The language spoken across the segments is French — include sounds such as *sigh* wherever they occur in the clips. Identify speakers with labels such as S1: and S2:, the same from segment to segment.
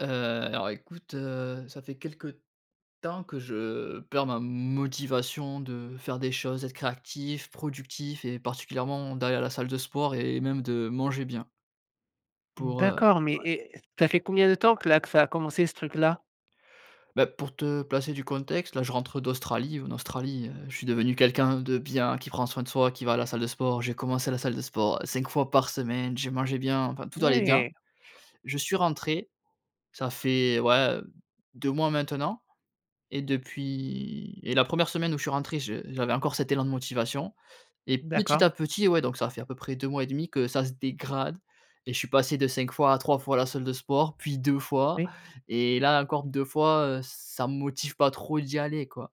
S1: Heu, alors, écoute, heu, ça fait quelques temps que je perds ma motivation de faire des choses, être créatif, productif et particulièrement, d'aller à la salle de sport et même de manger bien pour heu
S2: D'accord, mais
S1: Ouais.
S2: eh, ça fait combien de temps que là que ça a commencé, ce truc-là?
S1: Bah, pour te placer du contexte, là, je rentre d'Australie. En Australie, heu, je suis devenu quelqu'un de bien, qui prend soin de soi, qui va à la salle de sport. J'ai commencé la salle de sport 5 fois par semaine, j'ai mangé bien, enfin tout allait bien.
S2: Ouais!
S1: Je suis rentré, ça fait, ouais, 2 mois maintenant et depuis et la 1re semaine où je suis rentré je j'avais encore cet élan de motivation et petit
S2: D'accord.
S1: à petit, ouais, donc ça fait à peu près 2 mois et demi que ça se dégrade et je suis passé de 5 fois à 3 fois, la salle de sport puis 2 fois
S2: Oui.
S1: et là encore 2 fois. Heu, ça me motive pas trop d'y aller, quoi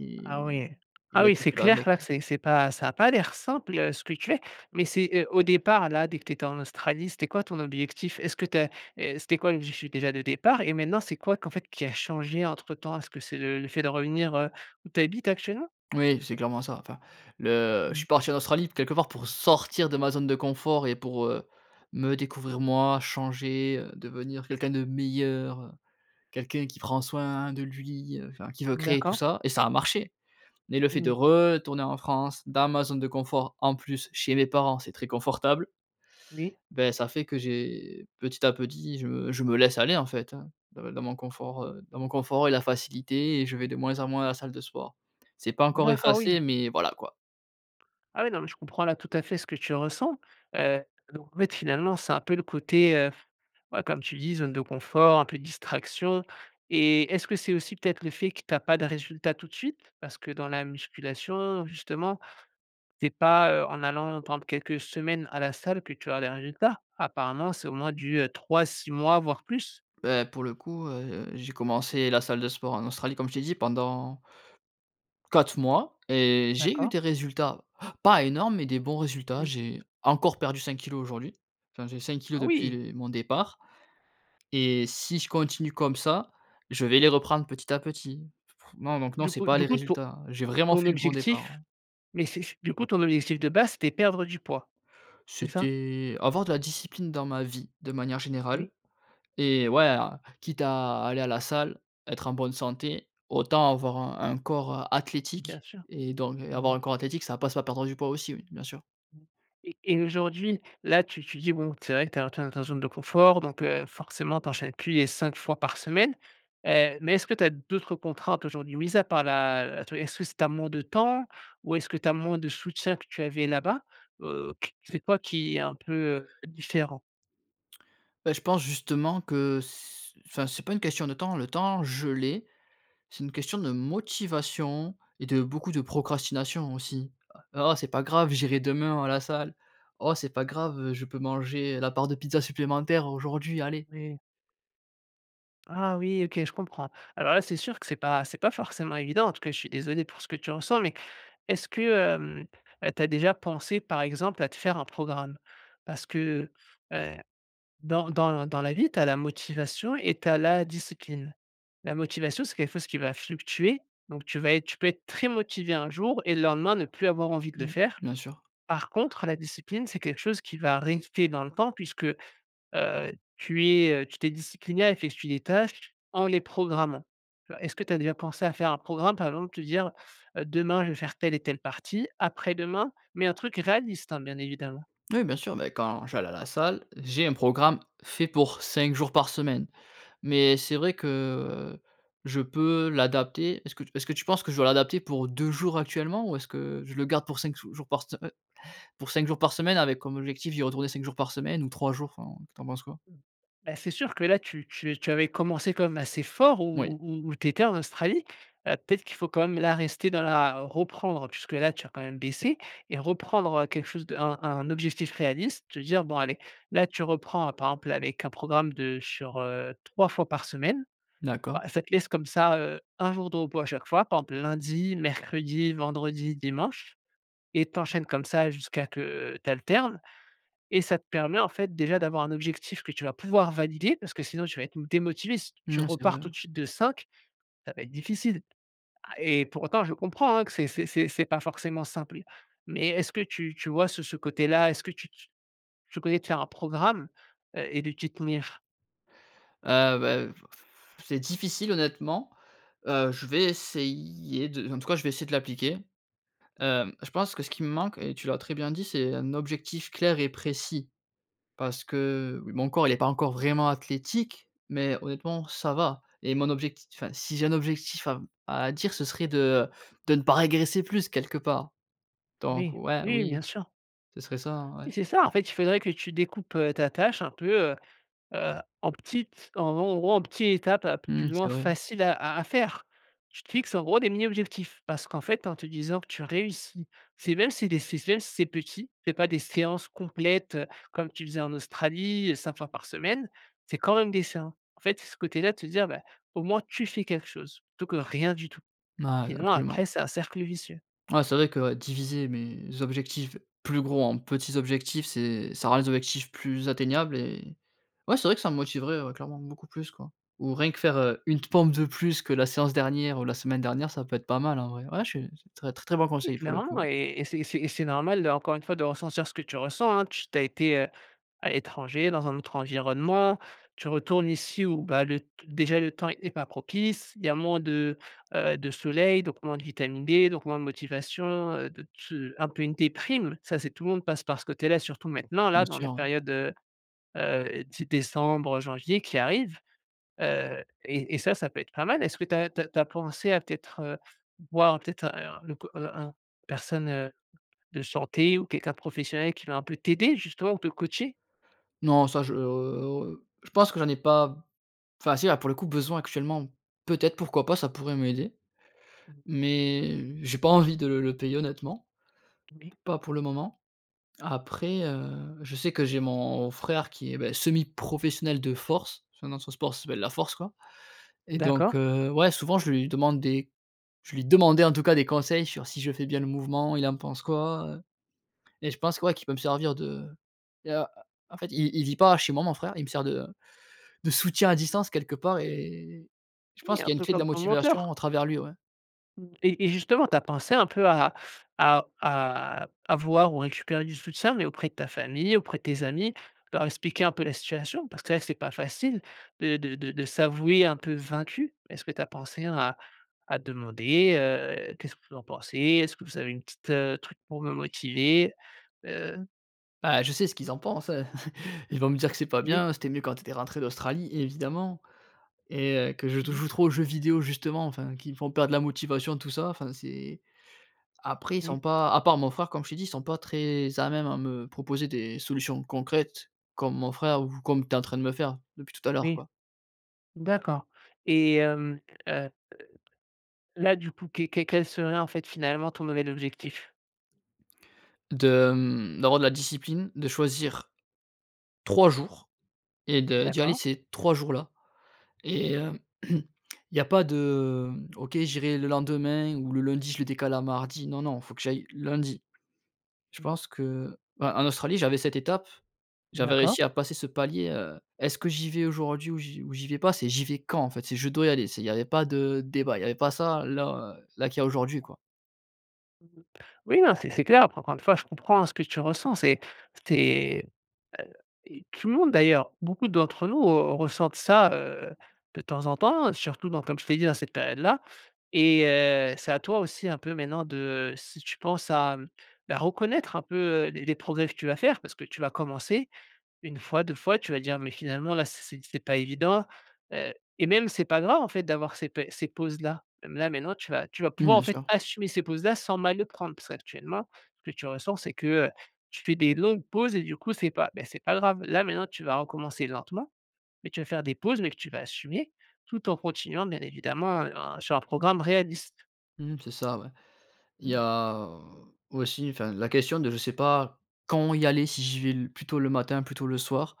S1: et
S2: Ah oui.
S1: et il
S2: Ah
S1: y a
S2: oui,
S1: tout
S2: c'est
S1: qui va
S2: clair
S1: avec,
S2: là que
S1: ouais.
S2: c'est c'est pas ça a pas l'air simple, heu, ce que tu es. Mais c'est, heu, au départ, là, dès que tu étais en Australie, c'était quoi, ton objectif? Est ce que tu as heu, c'était quoi l'objectif, déjà, de départ et maintenant, c'est quoi qu'en fait qui a changé entre-temps? Est ce que c'est le le fait de revenir, heu, où tu habites actuellement?
S1: Oui, c'est clairement ça. Enfin le je suis
S2: Mmh.
S1: parti en Australie, quelque part, pour sortir de ma zone de confort et pour, heu, me découvrir moi, changer, heu, devenir quelqu'un de meilleur, heu, quelqu'un qui prend soin de lui, heu, enfin, qui veut créer tout
S2: D'accord.
S1: ça et ça a marché. Mais le fait de
S2: Mmh.
S1: retourner en France, dans ma zone de confort, en plus, chez mes parents c'est très confortable.
S2: Oui.
S1: Beh, ça fait que j'ai petit à petit, je me je me laisse aller, en fait, hein, dans dans mon confort, heu, dans mon confort et la facilité et je vais de moins en moins à la salle de sport. C'est pas encore
S2: D'acc ah oui!
S1: effacé, mais voilà, quoi.
S2: Ah, ouais, non, mais je comprends là tout à fait ce que tu ressens, heu, donc, en fait, finalement, c'est un peu le côté, heu f ouais comme tu dis, zone de confort, un peu distraction et est-ce que c'est aussi peut-être le fait que tu as pas de résultats tout de suite? Parce que dans la musculation, justement, c'est pas, heu, en allant par exemple quelques semaines à la salle que tu as des résultats. Apparemment, c'est au moins du, heu, 3-6 mois, voire plus.
S1: Bah, pour le coup, heu heu, j'ai commencé la salle de sport en Australie comme je t'ai dit pendant 4 mois et j'ai eu
S2: D'accord.
S1: des résultats, pas énormes mais des bons résultats.
S2: Oui.
S1: J'ai encore perdu 5 kilos aujourd'hui. Enfin, j'ai 5 kilos
S2: Ah,
S1: depuis
S2: oui!
S1: les mon départ et si je continue comme ça, je vais les reprendre petit à petit. Fr non, donc non,
S2: Du
S1: c'est
S2: coup
S1: pas
S2: du
S1: les
S2: coup ton
S1: résultats. J'ai vraiment
S2: ton
S1: fait le bon départ,
S2: objectif
S1: hein.
S2: mais c'est c'est du coup ton objectif de base c'était perdre du poids? C'est ça?
S1: C'était avoir de la discipline dans ma vie de manière générale
S2: Oui.
S1: et ouais a quitte à aller à la salle, être en bonne santé, autant avoir un un corps, heu,
S2: Bien
S1: athlétique
S2: sûr.
S1: et donc
S2: Mmh.
S1: avoir un corps athlétique ça passe par perdre du poids aussi, oui, bien sûr.
S2: Mmh et et aujourd'hui, là tu tu dis, bon, c'est vrai que tu as tu es dans ta zone de confort donc, heu, forcément, tu enchaînes plus les 5 fois par semaine, heu, mais est ce que tu as d'autres contraintes aujourd'hui? Mise à part la, heu atte est ce que c'est tu as moins de temps ou est-ce que tu as moins de soutien que tu avais là-bas? Heu, q c'est quoi qui est un peu, heu, différent?
S1: Heu, je pense justement que s enfin, c'est pas une question de temps. Le temps je l'ai. C'est une question de motivation et de beaucoup de procrastination aussi: «Heu, oh, c'est pas grave j'irai demain à la salle. Oh c'est pas grave, heu, je peux manger, heu, la part de pizza supplémentaire aujourd'hui, allez».
S2: Oui. Ah, oui, OK, je comprends. Alors là, c'est sûr que c'est pas c'est pas forcément évident. En tout cas je suis désolé pour ce que tu ressens. Mais, est ce que, hem, heu, tu as déjà pensé, par exemple, à te faire un programme? Parce que, heu heu, dans dans l dans la vie, tu as la motivation et tu as la discipline. La motivation, c'est quelque fosse qui va fluctuer, donc tu vas être tu peux être très motivé un jour et le lendemain ne plus avoir envie de le
S1: Mmh,
S2: faire.
S1: bien sûr.
S2: Par contre, la discipline, c'est quelque chose qui va rester dans le temps puisque, heu, tu es, heu, tu t'es discipliné à effectuer des tâches en les programmant. Tu vois? Est-ce que tu as déjà pensé à faire un programme? Par exemple te dire: «Heu, demain je vais faire telle et telle partie, après-demain», mais un truc réaliste, hein, bien évidemment!
S1: Oui, bien sûr, ben, quand j'allais à la salle, j'ai un programme fait pour 5 jours par semaine. Mais c'est vrai que je peux l'adapter est-ce que tu est-ce que tu penses que je dois l'adapter pour 2 jours actuellement? Ou est-ce que je le garde pour 5 sou jours par se heu pour 5 jours par semaine avec comme objectif d'y retourner 5 jours par semaine ou 3 jours, enfin, tu en penses quoi?
S2: Mmh. Bah, c'est sûr que là tu tu es tu avais commencé quand même assez fort
S1: Moui.
S2: où où où où tu étais en Australie, heu, peut-être qu'il faut quand même là rester dans la reprendre puisque là, tu as quand même baissé et reprendre, heu, quelque chose de un un objectif réaliste. Te dire: «Bon, allez», là, tu reprends par exemple, là, avec un programme de sur, heu, 3 fois par semaine.
S1: D'accord.
S2: Bah, ça te laisse comme ça, heu, 1 jour de repos à chaque fois, par exemple lundi, mercredi et vendredi, dimanche et tu enchaînes comme ça jusqu'à que tu alternes et ça te permet, en fait, déjà d'avoir un objectif que tu vas pouvoir valider parce que sinon tu vas être m démotivé. Si t tu
S1: Mmh, c'est
S2: repars
S1: vrai.
S2: tout de suite de 5, ça va être difficile. A
S1: Se
S2: et pour autant, je comprends, hein, que c'est c'est c'est c'est pas forcément simple. Mais est-ce que tu tu vois ce ce côté-là? Est-ce que tu tu tu connais de faire un programme, heu et de t'y tenir?
S1: Ah, beh, heu, f pff c'est difficile honnêtement, heu, je vais essayer de en tout cas je vais essayer de l'appliquer, hem, je pense que ce qui me manque et tu l'as très bien dit, c'est un objectif clair et précis parce que, oui, mon corps il est pas encore vraiment athlétique mais honnêtement ça va et mon objectif enfin si j'ai un objectif à m à dire ce serait de, heu, de ne pas régresser plus quelque part. Donc,
S2: Moui.
S1: ouais,
S2: Oui,
S1: oui.
S2: bien sûr.
S1: Ce serait ça, hein, ouais.
S2: Oui, c'est ça en fait, il faudrait que tu découpes, heu, ta tâche un peu, heu heu, en petites en gros en gros, en petits étapes un peu plus
S1: Mmh,
S2: ou moins
S1: c'est vrai.
S2: faciles à à à faire! Tu te fixes en gros des mini objectifs parce qu'en fait, en te disant que tu réussis c'est même si des c'est s même si c'est petit, c'est pas des séances complètes comme tu faisais en Australie, 5 fois par semaine. C'est quand même des séan en fait, ce côté-là de te dire: «Bah, au moins tu fais quelque chose, plutôt que rien du tout».
S1: M ah,
S2: Sinon
S1: absolument.
S2: après, c'est un cercle vicieux.
S1: Ouais, c'est vrai que, ouais, diviser mes objectifs plus gros en petits objectifs c'est ça rend les objectifs plus atteignables et ouais, c'est vrai que ça me motiverait, ouais, clairement, beaucoup plus quoi. Ou rien que faire une pompe de plus que la séance dernière ou la semaine dernière, ça peut être pas mal, en vrai. Ouais je suis c'est tre très très bon
S2: Oui,
S1: conseil pour le
S2: clairement
S1: coup.
S2: et et c'est et c'est et c'est normal de encore une fois de ressentir ce que tu ressens, hein, tu tu as été, heu, à l'étranger, dans un autre environnement. Tu retournes ici où, bah, le t déjà le temps est pas propice. Il y a moins de, heu, de soleil, donc moins de vitamines D, donc moins de motivation, heu, de te un peu une déprime. Ça, c'est tout le monde passe par ce côté-là, surtout maintenant
S1: Bien
S2: là, dans la
S1: sûr.
S2: période, heu heu, 10 décembre, janvier qui arrive, heu et et ça, ça peut être pas mal. Est-ce que tu as tu as tu as pensé à peut-être, heu, voir un peut-être, heu, un le c heu, un personne, heu, de santé ou quelqu'un de professionnel qui va un peu t'aider justement ou te coacher?
S1: Non ça je oh, heu oh, heu, je pense que j'en ai pas b enfin, si, là, pour le coup besoin actuellement. Peut-être pourquoi pas, ça pourrait m'aider
S2: Mmh mh.
S1: mais j'ai pas envie de le le payer honnêtement. P
S2: Oui.
S1: pas pour le moment. Après, heu, je sais que j'ai mon frère qui est, bah, semi professionnel de force. Son nom, son sport, ça s'appelle la force quoi et donc,
S2: D'accord.
S1: heu, ouais souvent je lui demande des je lui demandais, en tout cas, des conseils sur si je fais bien le mouvement, il en pense quoi, heu et je pense que, ouais, qu'il peut me servir de il y a, heu en fait i il vit pas chez moi mon frère. Il me sert de, heu, de soutien à distance quelque part et je
S2: Oui,
S1: pense
S2: un
S1: qu'il y a une
S2: peu
S1: clé de la
S2: comme ton
S1: motivation
S2: mentor!
S1: à travers lui, ouais.
S2: Mmh et et justement, tu as pensé un peu à à à avoir ou récupérer du soutien, mais auprès de ta famille, auprès de tes amis, leur expliquer un peu la situation? Parce que là, c'est pas facile de de de de s'avouer un peu vaincu. Est ce que tu as pensé à à demander: «Heu, qu'est ce que vous en pensez? Est ce que vous avez une petite, heu, truc pour me motiver?», heu
S1: Bah, je sais ce qu'ils en pensent, heu *chuckles* ils vont me dire que: «C'est pas
S2: Oui.
S1: bien, c'était mieux quand tu étais rentré d'Australie», évidemment et heu, que je te
S2: Mmh mh.
S1: joue trop aux jeux vidéos justement, enfin, qui me font perdre la motivation tout ça, enfin c'est après ils
S2: Oui.
S1: sont pas à part mon frère comme je t'ai dit, ils sont pas très à même à me proposer des solutions concrètes comme mon frère ou comme tu es en train de me faire depuis tout à l'heure
S2: Oui.
S1: quoi.
S2: D'accord et hem, hem, heu heu, là du coup, que que quel serait en fait finalement ton nouvel objectif?
S1: De, hem, d'avoir de la discipline, de choisir 3 jours et de d'y aller
S2: D'accord.
S1: ces 3 jours-là
S2: Mmh
S1: et
S2: mh.
S1: hem, *clears throat* il y a pas de, mmh: «OK, j'irai le lendemain ou le lundi je le décale à mardi», non, non il faut que j'aille lundi. Je
S2: Mmh.
S1: pense que, bah en Australie j'avais cette étape. J'avais
S2: D'accord.
S1: réussi à passer ce palier, heu: «Est-ce que j'y vais aujourd'hui ou j'y ou j'y vais pas?», c'est: «J'y vais quand?», en fait, c'est: «Je dois y aller», c'est il y avait pas de débat. Il y avait pas ça là, heu, là qu'il y a aujourd'hui quoi.
S2: *unintelligible* Oui, hein, c'est c'est clair. Après encore 1 fois, je comprends, hein, ce que tu ressens, c'est tu es bah et tout le monde d'ailleurs. Beaucoup d'entre nous, heu, ressentent ça, heu, de temps en temps. Heu, surtout donc, comme je t'ai dit, dans cette période-là et heu, c'est à toi aussi un peu, maintenant de, heu, si tu penses à, hem, bah, reconnaître un peu, heu, les les progrès, que tu vas faire. Parce que tu vas commencer 1 fois, 2 fois. Tu vas dire: «Mais finalement, là c'est c'est c'est c'est pas évident». Heu et même c'est pas grave en fait, d'avoir ces pé ces pauses-là. Là, maintenant tu vas tu vas
S1: Mmh,
S2: pouvoir en
S1: bien
S2: fait,
S1: sûr.
S2: assumer ces pauses-là sans mal le prendre. Parce qu'actuellement, ce que tu ressens, c'est que, heu, tu fais des longues pauses et du coup c'est pas ben, c'est pas grave. Là, maintenant tu vas recommencer, lentement, mais tu vas faire des pauses mais que tu vas assumer, tout en continuant, bien évidemment, heu, à sur un programme réaliste.
S1: Mmh, c'est ça, ouais. Il y
S2: Mmh.
S1: a, heu, aussi, enfin la question de: «Je sais pas quand y aller, si j'y vais le plutôt le matin, plutôt le soir».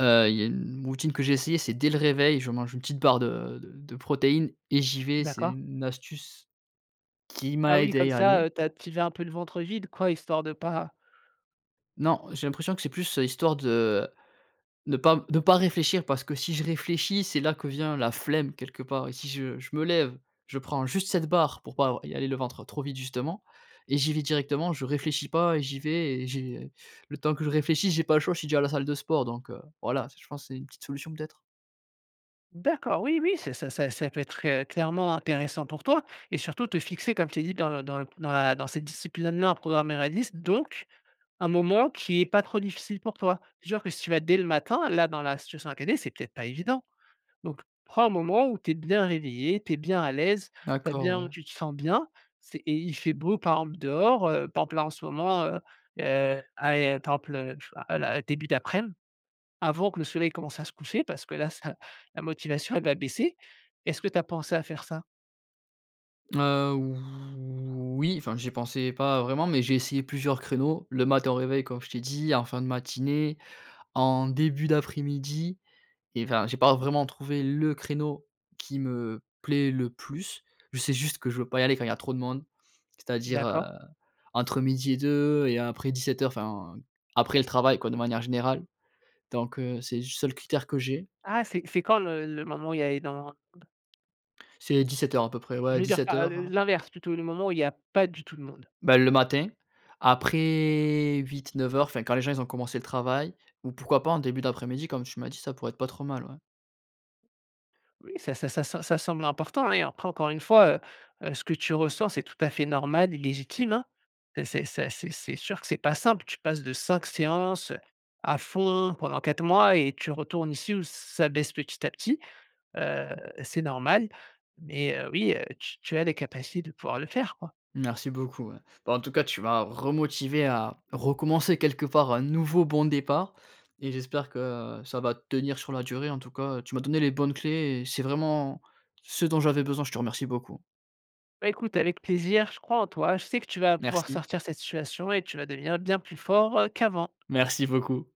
S1: Heu, il y a une routine que j'ai essayée, c'est dès le réveil. Je mange une petite barre de de de protéines et j'y vais. C'est
S2: D'accord.
S1: une une astuce, qui
S2: Ah
S1: m'a
S2: oui,
S1: aidé à
S2: comme
S1: y
S2: ça,
S1: aller.
S2: heu, tu as tu y vas un peu le ventre vide quoi, histoire de pas
S1: Non, j'ai l'impression que c'est plus histoire de ne pas de pas réfléchir. Parce que si je réfléchis, c'est là que vient la flemme quelque part et si je je me lève, je prends juste cette barre, pour pas avoir y aller le ventre trop vide justement et j'y vais directement. Je réfléchis pas et j'y vais et j'ai le temps que je réfléchisse, j'ai pas le choix, je suis déjà à la salle de sport donc, heu. Voilà, c'est je pense c'est une petite solution peut-être.
S2: D'accord, oui, oui, c'est ça ça ça, peut-être, heu, clairement intéressant pour toi et surtout te fixer, comme je t'ai dit, dans le dans le dans la dans cette discipline maintenant, en programmant la liste, donc un moment qui est pas trop difficile pour toi. Genre que si tu vas dès le matin, là, dans la situation à caler, c'est peut-être pas évident. Donc, prends un moment où tu es bien réveillé, tu es bien à l'aise, tu as
S1: D'accord,
S2: bien, heu,
S1: ouais.
S2: tu te sens bien. C'est et il fait beau par exemple dehors, heu, par exemple, là, en ce moment heu heu, allé temple heu, je sais pas, heu, la début d'aprem, avant que le soleil commence à se coucher, parce que là ça la motivation, elle va baisser. Est-ce que tu as pensé à faire ça?
S1: Heu, voui, enfin, j'y pensais pas vraiment, mais j'ai essayé plusieurs créneaux, le matin au réveil, comme je t'ai dit, en fin de matinée, en début d'après-midi et enfin, j'ai pas vraiment trouvé le créneau qui me plaît le plus. Je sais juste que je veux pas y aller quand il y a trop de monde. C'est-à-dire, heu,
S2: D'accord.
S1: entre midi et 2 et après 17:00, enfin, après le travail quoi de manière générale, donc, heu, c'est le seul critère que j'ai.
S2: Ah, c'est c'est quand le le moment où il y a énormément de monde?
S1: C'est 17:00 à peu près, ouais à
S2: Je veux dire
S1: dix-sept
S2: par heu
S1: heures,
S2: heu,
S1: heu
S2: l'inverse plutôt, le moment où il y a pas du tout de monde?
S1: Ben, le matin,
S2: D'accord.
S1: après 08-09:00, enfin, quand les gens ils ont commencé le travail. Ou pourquoi pas en début d'après-mid ?i Comme tu m'as dit, ça pourrait être pas trop mal, ouais.
S2: Oui, ça ça ça ça semble important et hein, et après, encore une fois, heu heu ce que tu ressens, c'est tout à fait normal, et légitime, hein. C'est c'est ça, c'est c'est sûr que c'est pas simple. Tu passes de 5 séances, heu, à fond pendant, hein, 4 mois et tu retournes ici, où ça baisse petit à petit. Heu, c'est normal. Mais heu, oui, heu, tu tu as les capacités de pouvoir le faire, quoi.
S1: Merci beaucoup, ouais. Bah, en tout cas, tu m'as remotivé à recommencer, quelque part, un nouveau bon départ et j'espère que, heu, ça va tenir sur la durée. En tout cas, heu, tu m'as donné les bonnes clés et c'est vraiment ce dont j'avais besoin, je te remercie beaucoup.
S2: Bah écoute avec plaisir, je crois en toi, je sais que tu vas pouvoir
S1: Merci.
S2: sortir de cette situation et tu vas devenir bien plus fort, heu, qu'avant.
S1: Merci beaucoup.